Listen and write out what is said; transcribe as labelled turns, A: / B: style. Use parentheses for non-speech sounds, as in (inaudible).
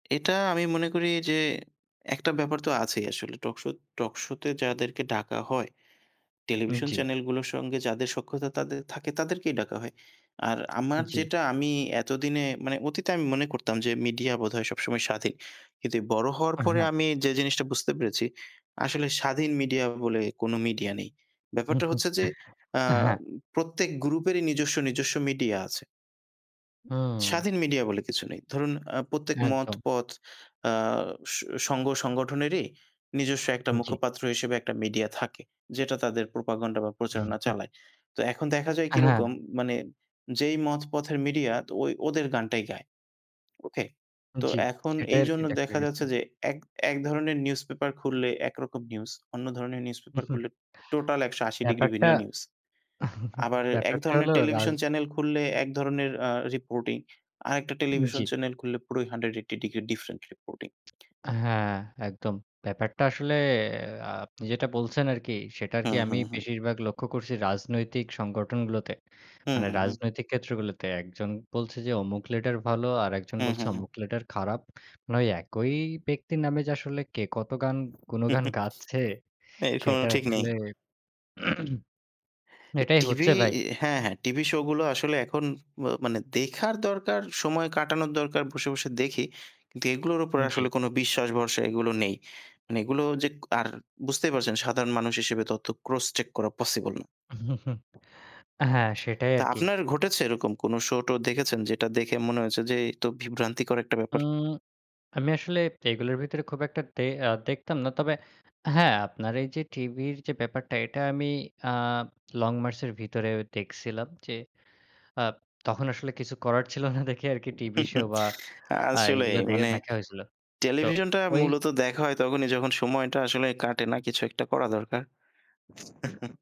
A: এটা আমি মনে করি যে একটা ব্যাপার তো আছেই আসলে টকশো টকশোতে যাদেরকে ডাকা হয় টেলিভিশন
B: জি।
A: চ্যানেলগুলোর সঙ্গে যাদের সখ্যতা থাকে তাদেরকেই ডাকা হয়। আর আমার
B: জি।
A: যেটা আমি এতদিনে মানে অতীতে আমি মনে করতাম যে মিডিয়া বোধহয় সবসময় স্বাধীন। কিন্তু বড়ো হওয়ার
B: অ্যা
A: পরে
B: হ্যাঁ।
A: আমি যে জিনিসটা বুঝতে পেরেছি, আসলে স্বাধীন মিডিয়া বলে কোনো মিডিয়া নেই। ব্যাপারটা
B: (chuckles)
A: হচ্ছে যে আ
B: অ্যা হ্যাঁ।
A: প্রত্যেক গ্রুপেরই নিজস্ব, নিজস্ব মিডিয়া আছে। উম
B: হুম।
A: স্বাধীন মিডিয়া বলে কিছু নেই। ধরুন আ প্রত্যেক মত
B: একদম।
A: পথ আ স সংঘ সংগঠনেরই নিজস্ব একটা
B: উ জি।
A: মুখপাত্র হিসেবে একটা মিডিয়া থাকে। যেটা তাদের প্রোপাগান্ডা বা প্রচারণা
B: (chuckles)
A: চালায়। তো এখন দেখা যায়
B: অ্যা হ্যাঁ।
A: কিরকম মানে যেই মত পথের মিডিয়া ওই ওদের গানটাই গায়। ওকে? তো
B: জি,
A: এখন
B: সেটাই আরকি
A: এইজন্য
B: দেখা
A: দেখা
B: গেছে।
A: যাচ্ছে যে এক একধরনের নিউজপেপার খুললে একরকম নিউজ অন্য ধরনের নিউজপেপার
B: (chuckles)
A: খুললে টোটাল ১৮০°
B: ব্যাপারটা,
A: ভিন্ন নিউজ।
B: (chuckles)
A: আবার
B: ব্যাপারটা
A: একধরনের
B: হলো রাজ
A: টেলিভিশন চ্যানেল খুললে একধরনের আ রিপোর্টিং, আরেকটা টেলিভিশন
B: জি।
A: চ্যানেল খুললে পুরো 180° ডিফারেন্ট রিপোর্টিং।
B: হ্যাঁ, একদম। ব্যাপারটা আসলে আপনি যেটা বলছেন আরকি সেটা
A: হু,
B: কি
A: হু,
B: আমি
A: হু।
B: বেশিরভাগ লক্ষ্য করছি রাজনৈতিক সংগঠনগুলোতে।
A: হুম,
B: মানে
A: হুম, হুম।
B: রাজনৈতিক ক্ষেত্রগুলোতে। একজন বলছে যে অমুক লেটার ভালো আরেকজন
A: হু,
B: বলছে
A: হু, হু।
B: অমুক লেটার খারাপ। মানে একই ব্যক্তির নামে যে আসলে কে কত গান গুনগান গাচ্ছে
A: (chuckles) এর কোনো
B: সেটা
A: ঠিক নেই।
B: আসলে। (clears throat)
A: এ
B: এটাই
A: টিভি
B: হচ্ছে ভাই।
A: হ্যাঁ, হ্যাঁ, টিভি শো গুলো আসলে এখন ম মানে দেখার দরকার সময় কাটানোর দরকার বসে, বসে দেখি। কিন্তু এগুলোর
B: উ
A: উপরে
B: জি।
A: আসলে কোনো বিশ্বাস ভরসা এগুলো নেই। মানে এগুলো যে আর বুঝতেই পারছেন সাধারণ মানুষ হিসেবে তথ্য ক্রস চেক করা পসিবল।
B: (chuckles) হ্যাঁ, সেটাই
A: তা
B: আরকি।
A: আপনার ঘটেছে এরকম কোনো শো-টো দেখেছেন? যেটা দেখে মনে হয়েছে যে এই তো বিভ্রান্তিকর একটা ব্যাপার?
B: উম আমি আসলে এগুলোর ভিতরে খুব একটা দে আ দেখতাম না। তবে হ্যাঁ, আপনার এই যে টিভির যে ব্যাপারটা এটা আমি আ লং মার্চের ভিতরে দেখছিলাম যে আ তখন আসলে কিছু করার ছিল না দেখে আরকি টিভি শো
A: (chuckles)
B: বা আ
A: আসলেই
B: এগুলো দেখে
A: মানে
B: দেখা হয়েছিল। তো
A: টেলিভিশনটা
B: ওই
A: মূলত দেখা হয় তখনই যখন সময়টা আসলে কাটে না কিছু একটা করা দরকার। (chuckles)